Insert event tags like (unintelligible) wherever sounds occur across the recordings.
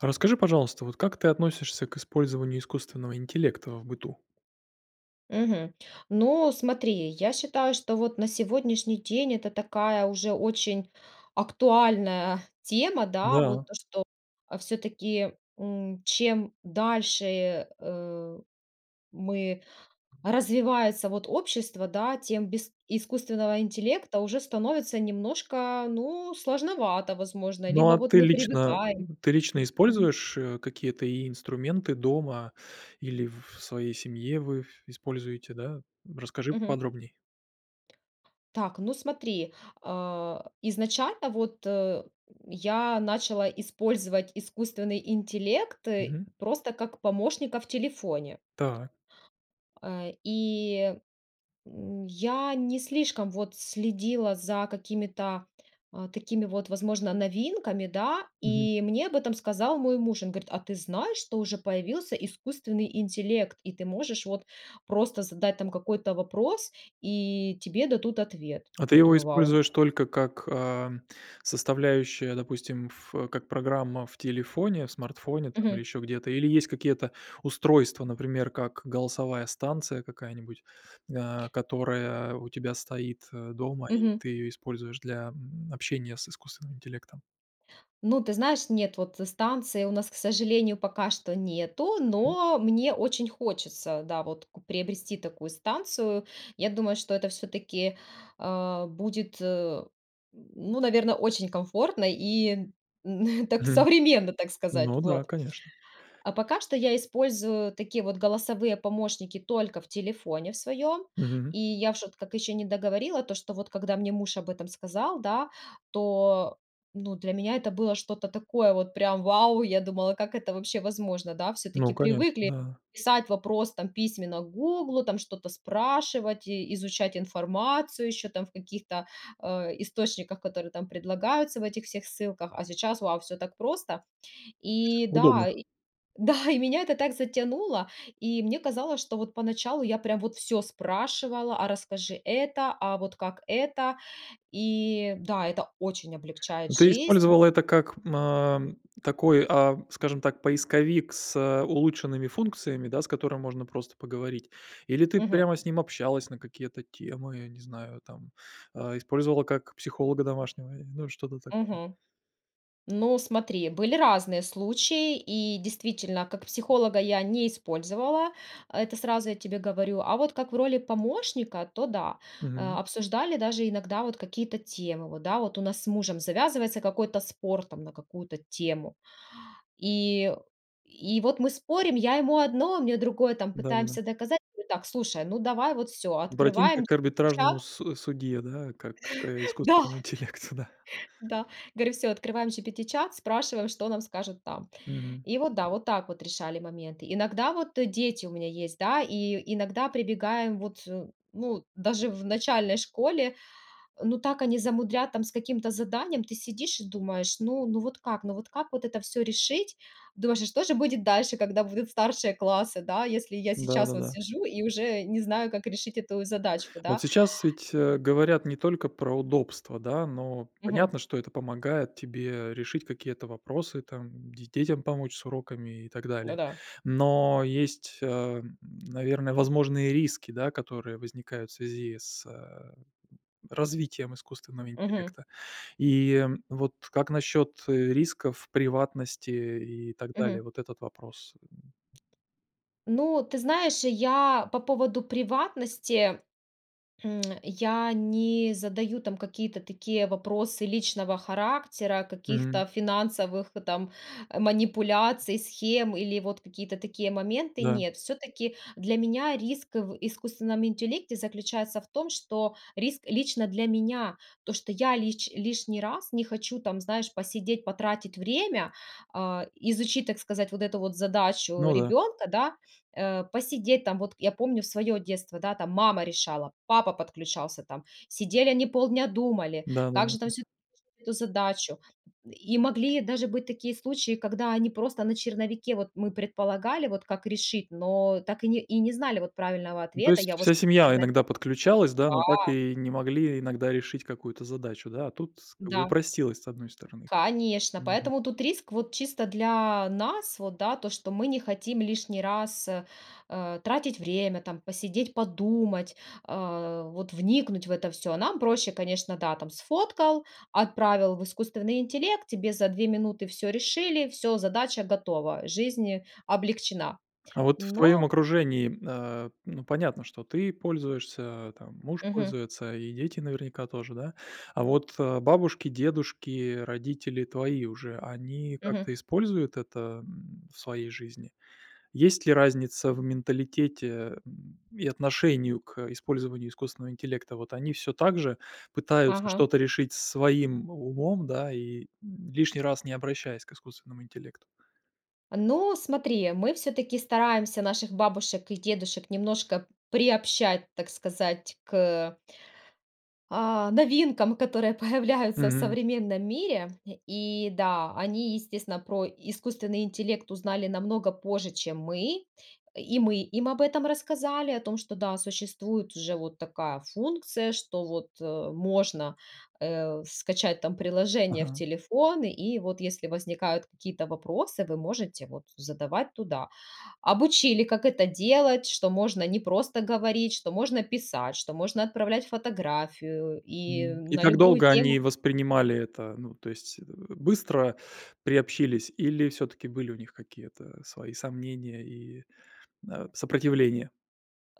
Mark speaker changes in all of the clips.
Speaker 1: А расскажи, пожалуйста, вот, как ты относишься к использованию искусственного интеллекта в быту?
Speaker 2: Мгм. Ну, смотри, я считаю, что, вот, на сегодняшний день это такая уже очень актуальная тема. Да, вот,
Speaker 1: Да.
Speaker 2: то, что, а, всё-таки, м, чем дальше, э, мы, развивается, вот, общество, да, тем без искусственного интеллекта уже становится немножко, ну, сложновато возможно,
Speaker 1: Ну,
Speaker 2: либо
Speaker 1: а,
Speaker 2: вот
Speaker 1: ты
Speaker 2: мы
Speaker 1: лично,
Speaker 2: привыкаем.
Speaker 1: мгм, ты лично
Speaker 2: Мгм.
Speaker 1: используешь, э, какие-то инструменты дома или в своей семье вы используете, да? М, расскажи
Speaker 2: Мгм.
Speaker 1: поподробней.
Speaker 2: Так, ну смотри. Э, изначально вот, э, м, я начала использовать искусственный интеллекты
Speaker 1: Мгм.
Speaker 2: просто, как помощника в телефоне.
Speaker 1: Так.
Speaker 2: Э, и, м, я не слишком, вот, следила за какими-то, э, такими, вот, возможно новинками, да.
Speaker 1: Мгм.
Speaker 2: И мне об этом сказал мой муж. Он говорит: "А ты знаешь, что уже появился искусственный интеллект и ты можешь, вот, просто задать там какой-то вопрос, и тебе дадут ответ.
Speaker 1: А ты
Speaker 2: Я
Speaker 1: его
Speaker 2: думаю: "Вау", он
Speaker 1: используешь только как, ам, составляющую, допустим, ф э, как программа в телефоне, в смартфоне, там, или
Speaker 2: Мгм.
Speaker 1: еще где-то? Или есть какие-то устройства, например, как голосовая станция какая-нибудь, э, которая у тебя стоит, э, дома и
Speaker 2: Мгм.
Speaker 1: ты ее используешь для, м, общения с искусственным интеллектом?
Speaker 2: Ну, ты знаешь, нет. Вот станции у нас, к сожалению, пока что нету, но мне очень хочется, да вот, ку приобрести такую станцию. Я думаю, что это всё-таки, а, будет, э, м, ну, наверно, очень комфортно и, м, (chuckles) так
Speaker 1: Мгм.
Speaker 2: современно, так сказать.
Speaker 1: Ну да,
Speaker 2: Вот.
Speaker 1: конечно.
Speaker 2: А пока что я использую такие вот голосовые помощники только в телефоне в своём.
Speaker 1: Мгм.
Speaker 2: И я в шот как ещё не договорила то, что вот, когда мне муж об этом сказал, да, то, ну, для меня это было что-то такое вот прям вау! Я думала, как это вообще возможно, да. Всё-таки
Speaker 1: Ну конечно,
Speaker 2: привыкли
Speaker 1: да.
Speaker 2: писать вопрос, там, письменно "Гуглу", там что-то спрашивать и изучать информацию еще там в каких-то, э, источниках, которые там предлагаются в этих всех ссылках. А сейчас- вау!- Всё так просто. И да,
Speaker 1: Удобно.
Speaker 2: и Да! И меня это так затянуло, и мне казалось, что вот поначалу я прям вот всё спрашивала: "А расскажи это". "А вот как это?" И да, это очень облегчает
Speaker 1: Ну, ты
Speaker 2: жизнь.
Speaker 1: использовала это как, а, такой, а, скажем так, поисковик с улучшенными функциями, да, с которым можно просто поговорить, или ты
Speaker 2: Мгм.
Speaker 1: прямо с ним общалась на какие-то темы, я не знаю, там, а, использовала как психолога домашнего, и, ну, что-то такое.
Speaker 2: Мгм. Ну, смотри, были разные случаи, и действительно как психолога я не использовала, это сразу я тебе говорю, а вот как в роли помощника, то да.
Speaker 1: Мгм.
Speaker 2: А, обсуждали даже иногда вот какие-то темы, да, вот у нас с мужем завязывается какой-то спор там на какую-то тему. И и вот мы спорим, я ему одно, он мне другое, там,
Speaker 1: Да-да-да.
Speaker 2: пытаемся доказать. Мы: "Так, слушай, ну давай вот всё". Открываем
Speaker 1: Обратимся к арбитражному
Speaker 2: GPT-чат
Speaker 1: с судье, да, как к
Speaker 2: (chuckles) Да!
Speaker 1: искусственному интеллекту, да.
Speaker 2: Да. Говорю всё, открываем GPT-чат, спрашиваем, что нам скажут там.
Speaker 1: Мгм.
Speaker 2: И вот да, вот так вот решали моменты. Иногда вот, э, дети у меня есть, да, и, и иногда прибегаем, вот, ну, даже в начальной школе, ну так они замудрят там с каким-то заданием. Ты сидишь и думаешь: "Ну, ну вот как, ну вот как вот это всё решить?" Думаешь: "А что же будет дальше, когда будут старшие классы, да, если я сейчас вот
Speaker 1: Да-да-да.
Speaker 2: сижу и уже не знаю, как решить эту задачку,
Speaker 1: Вот
Speaker 2: да?"
Speaker 1: сейчас ведь, э, говорят не только про удобства, да, но
Speaker 2: Мгм.
Speaker 1: понятно, что это помогает тебе решить какие-то вопросы, там, де детям помочь с уроками и так далее.
Speaker 2: Да-да.
Speaker 1: Но есть, э, наверно, возможные риски, да, которые возникают в связи с, э, развитием искусственного
Speaker 2: Мгм.
Speaker 1: интеллекта. И вот как насчет, э, рисков, приватности и так
Speaker 2: Мгм.
Speaker 1: далее, вот этот вопрос? (grunts)
Speaker 2: Ну, ты знаешь, я по поводу приватности, м, я не задаю там какие-то такие вопросы личного характера, каких-то
Speaker 1: Мгм.
Speaker 2: финансовых там манипуляций, схем или вот какие-то такие моменты.
Speaker 1: Да.
Speaker 2: Нет, всё-таки для меня риск в искусственном интеллекте заключается в том, что риск лично для меня, то, что я лич лишний раз не хочу там, знаешь, посидеть, потратить время, а, изучить, так сказать, вот эту вот задачу
Speaker 1: Ну да.
Speaker 2: ребенка, да, э, посидеть там. Вот, я помню в своё детство, да, там мама решала, папа подключался, там, сидели они полдня думали,
Speaker 1: Да да
Speaker 2: как
Speaker 1: да
Speaker 2: же там
Speaker 1: да.
Speaker 2: всю (unintelligible) эту задачу. И могли даже быть такие случаи, когда они просто на черновике, вот мы предполагали, вот, как решить, но так и не и не знали, вот, правильного
Speaker 1: Ну, то
Speaker 2: ответа.
Speaker 1: есть
Speaker 2: Я вот
Speaker 1: вся
Speaker 2: что.
Speaker 1: семья
Speaker 2: (unintelligible)
Speaker 1: иногда подключалась, да, но так
Speaker 2: Да.
Speaker 1: и не могли иногда решить какую-то задачу, да. А тут как бы
Speaker 2: Да.
Speaker 1: упростилось с одной стороны.
Speaker 2: Конечно.
Speaker 1: Мгм.
Speaker 2: Поэтому тут риск вот чисто для нас вот, да, то, что мы не хотим лишний раз, э, э, тратить время, там, посидеть, подумать, а, вот вникнуть в это всё. Нам проще, конечно, да, там, сфоткал, отправил в искусственный интеллект, тебе за 2 минуты всё решили, всё, задача готова, жизнь облегчена.
Speaker 1: А вот в твоем
Speaker 2: Но
Speaker 1: окружении, э, ну, понятно, что ты пользуешься, а, там, муж
Speaker 2: Мгм.
Speaker 1: пользуется и дети, наверняка, тоже, да. А вот, э, бабушки, дедушки, родители твои уже, они
Speaker 2: Мгм.
Speaker 1: как-то используют это, м, в своей жизни? Есть ли разница в менталитете, э, и отношении к использованию искусственного интеллекта? Вот они всё так же пытаются
Speaker 2: Ага.
Speaker 1: что-то решить своим умом, да, и, э, лишний раз не обращаясь к искусственному интеллекту?
Speaker 2: Ну, смотри, мы всё-таки стараемся наших бабушек и дедушек немножко приобщать, так сказать, к а, новинкам, которые появляются в
Speaker 1: Мгм.
Speaker 2: современном мире. И да, они, естественно, про искусственный интеллект узнали намного позже, чем мы. И мы им об этом рассказали, о том, что, да, существует уже вот такая функция, что вот, э, можно, э, скачать там приложение в
Speaker 1: Ага.
Speaker 2: телефон и вот, если возникают какие-то вопросы, вы можете, вот, задавать туда. Обучили, как это делать, что можно не просто говорить, что можно писать, что можно отправлять фотографию и, э,
Speaker 1: М, и
Speaker 2: на
Speaker 1: как
Speaker 2: любую
Speaker 1: долго
Speaker 2: тему
Speaker 1: они воспринимали это? Ну, то есть, э, быстро приобщились или всё-таки были у них какие-то свои сомнения и, э, сопротивления?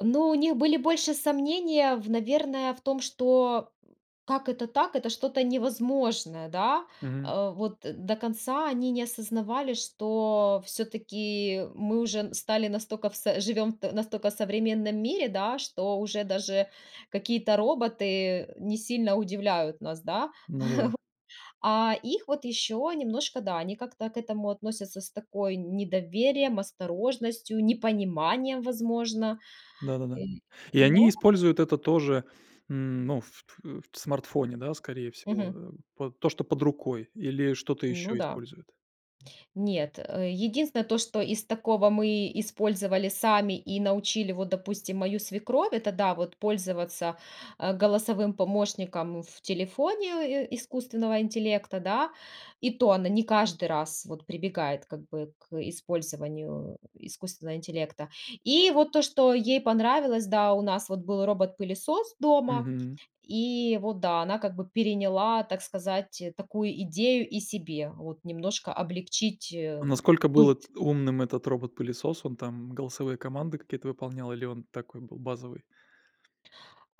Speaker 2: Но у них были больше сомнения, наверное, в том, что как это так, это что-то невозможное, да.
Speaker 1: Мгм.
Speaker 2: Э, вот до конца они не осознавали, что всё-таки мы уже стали настока в с живем в настолько современном мире, да, что уже даже какие-то роботы не сильно удивляют нас, да.
Speaker 1: Ну да.
Speaker 2: (chuckles) А их вот ещё немножко, да, они как-то к этому относятся с такой недоверием, осторожностью, непониманием, возможно.
Speaker 1: Да-да-да. И они
Speaker 2: Но
Speaker 1: используют это тоже, м, ну, ф ф в смартфоне, да, скорее
Speaker 2: Мгм.
Speaker 1: всего. Э, то, что под рукой, или что-то
Speaker 2: Ну
Speaker 1: еще
Speaker 2: да.
Speaker 1: используют.
Speaker 2: Нет, э, единственное то, что из такого мы использовали сами и научили вот, допустим, мою свекровь, это да, вот пользоваться, а, голосовым помощником в телефоне, э, искусственного интеллекта, да. И то она не каждый раз вот прибегает как бы к использованию искусственного интеллекта. И вот то, что ей понравилось, да, у нас вот был робот-пылесос дома,
Speaker 1: Мгм.
Speaker 2: и вот, да, она как бы переняла, так сказать, такую идею и себе вот немножко облегчить, э,
Speaker 1: Насколько был
Speaker 2: быт.
Speaker 1: эт умным этот робот-пылесос? Он там голосовые команды какие-то выполнял или он такой был, базовый?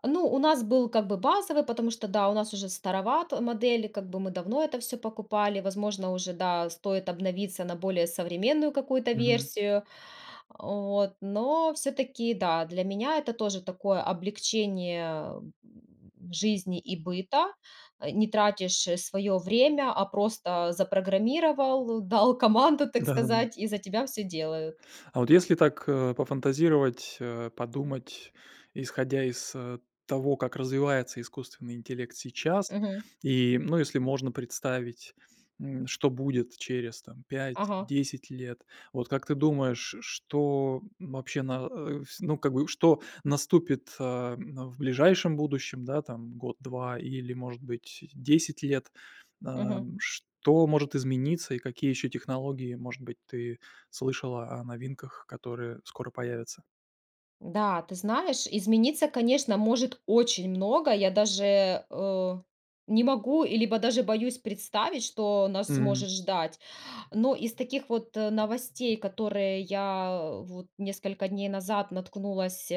Speaker 2: Ну, у нас был как бы базовый, потому что, да, у нас уже староват модель, как бы, мы давно это всё покупали, возможно, уже, да, стоит обновиться на более современную какую-то
Speaker 1: Мгм.
Speaker 2: версию. А, вот, но всё-таки, да, для меня это тоже такое облегчение, э, м, жизни и быта, э, не тратишь своё время, а просто запрограммировал, дал команду, так
Speaker 1: Да-да-да.
Speaker 2: сказать, и за тебя всё делают.
Speaker 1: А вот если так, э, пофантазировать, э, подумать, исходя из, э, того, как развивается искусственный интеллект сейчас.
Speaker 2: Мгм.
Speaker 1: И, ну, если можно представить, м, что будет через, там, 5,
Speaker 2: Ага.
Speaker 1: 10 лет, вот как ты думаешь, ш что вообще на э, ну как бы, что наступит, э, м, в ближайшем будущем, да, там 1-2 или, может быть, 10 лет. Э,
Speaker 2: Мгм.
Speaker 1: что может измениться, и какие еще технологии, может быть, ты слышала о новинках, которые скоро появятся.
Speaker 2: Да, ты знаешь, измениться, конечно, может очень много, я даже, э, не могу, и, либо, даже боюсь представить, что нас
Speaker 1: Мгм.
Speaker 2: может ждать. Но, из таких вот, э, новостей, которые я, вот, несколько дней назад наткнулась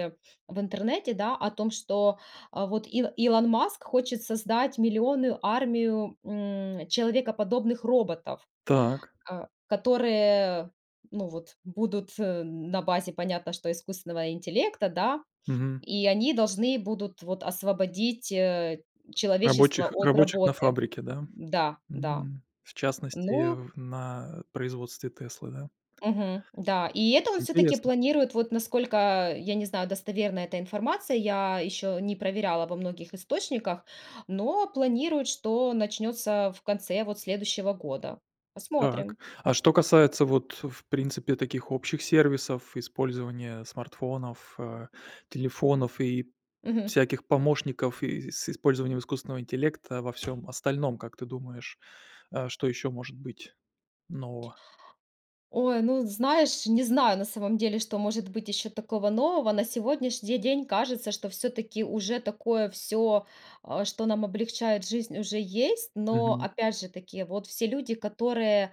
Speaker 2: в интернете, да, о том, что, вот, Ило Илон Маск хочет создать миллионную армию, м, человекоподобных роботов.
Speaker 1: Так.
Speaker 2: Э, которые, ну, вот, будут на базе, понятно, что, искусственного интеллекта, да.
Speaker 1: Мгм.
Speaker 2: И они должны будут, вот, освободить, э, человечество
Speaker 1: Рабочих
Speaker 2: от
Speaker 1: рабочих на
Speaker 2: работы.
Speaker 1: фабрике, да?
Speaker 2: Да, да.
Speaker 1: Мгм. В частности, э,
Speaker 2: Ну
Speaker 1: в на производстве Теслы, да?
Speaker 2: Мгм. Да. И это он, всё-таки,
Speaker 1: Интересно.
Speaker 2: планирует, вот, насколько, э, я не знаю, достоверная эта информация, я еще не проверяла во многих источниках, но, планируют, что начнется в конце, вот, следующего года.
Speaker 1: Так.
Speaker 2: Посмотрим.
Speaker 1: А что касается, вот, в принципе, таких общих сервисов: использования смартфонов, э, телефонов и
Speaker 2: Мгм.
Speaker 1: всяких помощников, и с использованием искусственного интеллекта во всём остальном, как ты думаешь, а, что еще может быть нового?
Speaker 2: Ой, ну, знаешь, не знаю, на самом деле, что может быть еще такого нового. На сегодняшний день, кажется, что, все-таки, уже такое всё, а, что нам облегчает жизнь, уже есть, но,
Speaker 1: Мгм.
Speaker 2: опять же-таки, вот все люди, которые,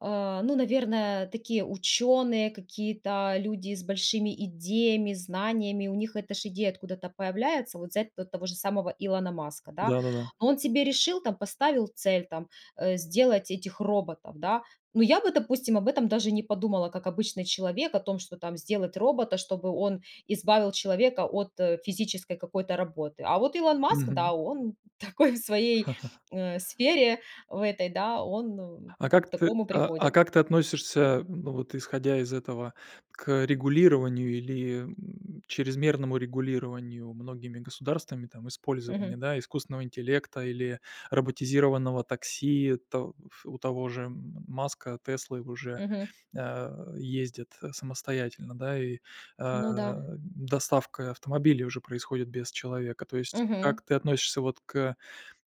Speaker 2: э, ну, наверное, такие, ученые, какие-то, люди с большими идеями, знаниями, у них эта же идея откуда-то появляется. Вот, взять т того же самого Илона Маска, да.
Speaker 1: Да-да-да.
Speaker 2: Он тебе решил, там, поставил цель, там, э, сделать этих роботов, да. Но, я бы, допустим, об этом даже не подумала, как обычный человек, о том, что, там, сделать робота, чтобы он избавил человека от физической какой-то работы. А вот Илон Маск, да,
Speaker 1: Мгм.
Speaker 2: он такой в своей,
Speaker 1: (laughs)
Speaker 2: э, сфере в этой, да, он, м,
Speaker 1: А,
Speaker 2: к
Speaker 1: как ты
Speaker 2: такому
Speaker 1: а а,
Speaker 2: приходит.
Speaker 1: как ты относишься, м, ну вот исходя из этого, к регулированию, или, м, чрезмерному регулированию многими государствами, там, использования,
Speaker 2: Мгм.
Speaker 1: да, искусственного интеллекта или роботизированного такси? То у того же м Маска, Теслы, уже,
Speaker 2: Мгм.
Speaker 1: а, ездят, э, самостоятельно, да, и, а,
Speaker 2: Ну да.
Speaker 1: доставка автомобилей уже происходит без человека. То есть, как
Speaker 2: Мгм.
Speaker 1: ты относишься, вот, к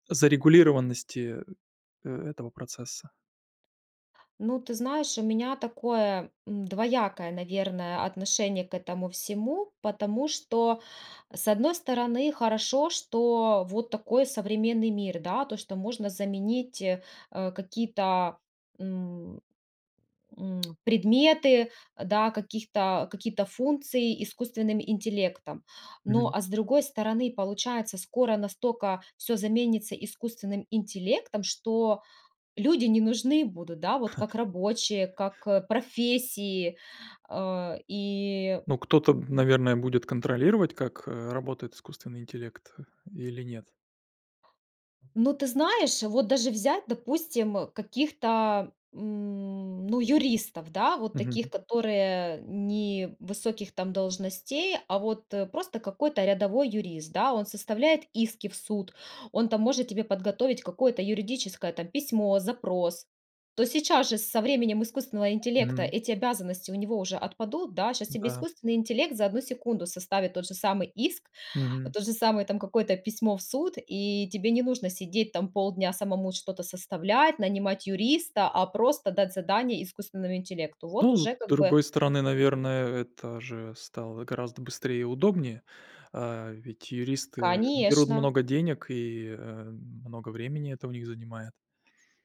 Speaker 1: зарегулированности, э, этого процесса?
Speaker 2: Ну, ты знаешь, у меня такое, м, двоякое, наверное, отношение к этому всему. Потому что, с одной стороны, хорошо, что вот такой современный мир, да, то, что можно заменить, э, какие-то, м, м, предметы, да, каких-то какие-то функции искусственным интеллектом. Но,
Speaker 1: Мгм.
Speaker 2: а, с другой стороны, получается, скоро настолько всё заменится искусственным интеллектом, что люди не нужны будут, да, вот, как
Speaker 1: (chuckles)
Speaker 2: рабочие, как профессии, а, и
Speaker 1: Ну, кто-то, м, наверное, будет контролировать, как, э, работает искусственный интеллект, или нет?
Speaker 2: Ну, ты, знаешь, вот, даже взять, допустим, каких-то, м, ну, юристов, да, вот таких,
Speaker 1: Мгм.
Speaker 2: которые не высоких, там, должностей, а, вот, э, просто, какой-то рядовой юрист, да. Он составляет иски в суд, он, там, может тебе подготовить какое-то юридическое, там, письмо, запрос. То, сейчас же, со временем искусственного интеллекта,
Speaker 1: Мгм.
Speaker 2: эти обязанности у него уже отпадут, да. Щас тебе
Speaker 1: Да.
Speaker 2: искусственный интеллект за одну секунду составит тот же самый иск,
Speaker 1: Мгм.
Speaker 2: то же самое, там, какое-то письмо в суд, и тебе не нужно сидеть, там, полдня, самому что-то составлять, нанимать юриста, а, просто дать задание искусственному интеллекту. Вот,
Speaker 1: Ну ну, с
Speaker 2: уже, как бы
Speaker 1: другой стороны, наверное, это же стало гораздо быстрее и удобнее. А, ведь, юристы, э, берут
Speaker 2: Конечно.
Speaker 1: много денег, и, э, много времени это у них занимает.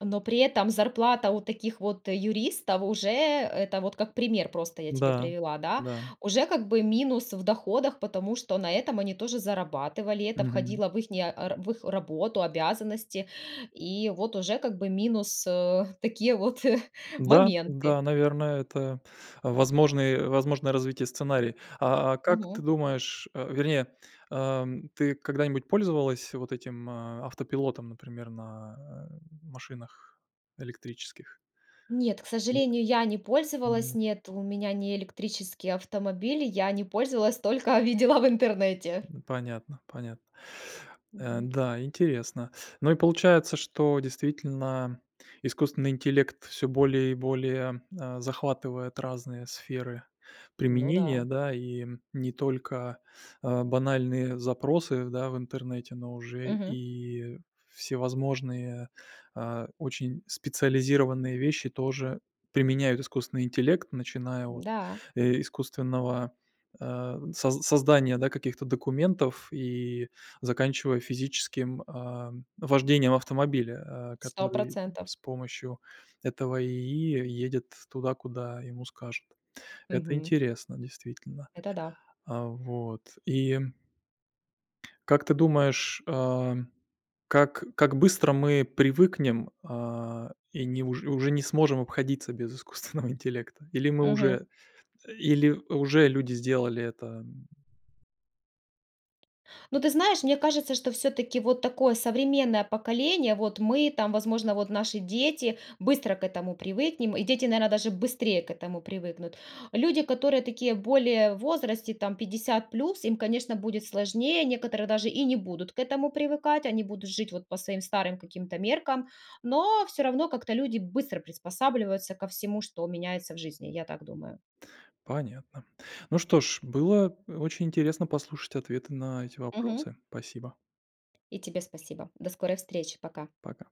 Speaker 2: Но, при этом зарплата у таких, вот, юристов, уже, это вот как пример, просто, я тебе
Speaker 1: Да,
Speaker 2: привела, да,
Speaker 1: да.
Speaker 2: уже, как бы минус в доходах, потому что на этом они тоже зарабатывали, это
Speaker 1: Мгм.
Speaker 2: входило в ихние, а, р в их работу, обязанности, и, вот, уже, как бы минус, а, такие вот (chuckles)
Speaker 1: Да, да,
Speaker 2: моменты.
Speaker 1: наверное, это возможный возможное развитие сценария. А, а как ты
Speaker 2: Мгм.
Speaker 1: думаешь, а, вернее, ам, ты когда-нибудь пользовалась вот этим, а, автопилотом, например, на, э, машинах электрических?
Speaker 2: Нет, к сожалению, я не пользовалась,
Speaker 1: Мгм.
Speaker 2: нет, у меня не электрический автомобиль, я не пользовалась, только видела в интернете.
Speaker 1: Понятно, понятно. Э,
Speaker 2: Мгм.
Speaker 1: да, интересно. Ну, и, получается, что, действительно, искусственный интеллект всё более и более, э, захватывает разные сферы
Speaker 2: Ну
Speaker 1: применения,
Speaker 2: да.
Speaker 1: да. И, не только, а, банальные запросы, да, в интернете, но уже
Speaker 2: Мгм.
Speaker 1: и всевозможные, а, очень специализированные вещи тоже применяют искусственный интеллект. Начиная от,
Speaker 2: Да.
Speaker 1: э, искусственного, а, соз создания, да, каких-то документов, и заканчивая физическим, а, вождением автомобиля, а,
Speaker 2: сто
Speaker 1: который
Speaker 2: процентов.
Speaker 1: с помощью этого ИИ едет туда, куда ему скажут. Это
Speaker 2: Мгм.
Speaker 1: интересно, действительно.
Speaker 2: Это да.
Speaker 1: А, вот, и Как ты думаешь, а, как как быстро мы привыкнем, а, и, ни уже уже не сможем обходиться без искусственного интеллекта? Или мы
Speaker 2: Мгм.
Speaker 1: уже или уже люди сделали это? М
Speaker 2: Ну, ты знаешь, мне кажется, что, всё-таки, вот такое современное поколение, вот мы, там, возможно, вот наши дети, быстро к этому привыкнем, и дети, наверное, даже быстрее к этому привыкнут. Люди, которые, такие, более в возрасте, там, 50 плюс, им, конечно, будет сложнее, некоторые даже и не будут к этому привыкать, они будут жить, вот, по своим старым, каким-то, меркам. Но, всё равно, как-то люди быстро приспосабливаются ко всему, что меняется в жизни, я так думаю.
Speaker 1: Понятно. Ну что ж, было очень интересно послушать ответы на эти
Speaker 2: Мгм.
Speaker 1: вопросы. Спасибо.
Speaker 2: И тебе спасибо. До скорой встречи, пока.
Speaker 1: Пока.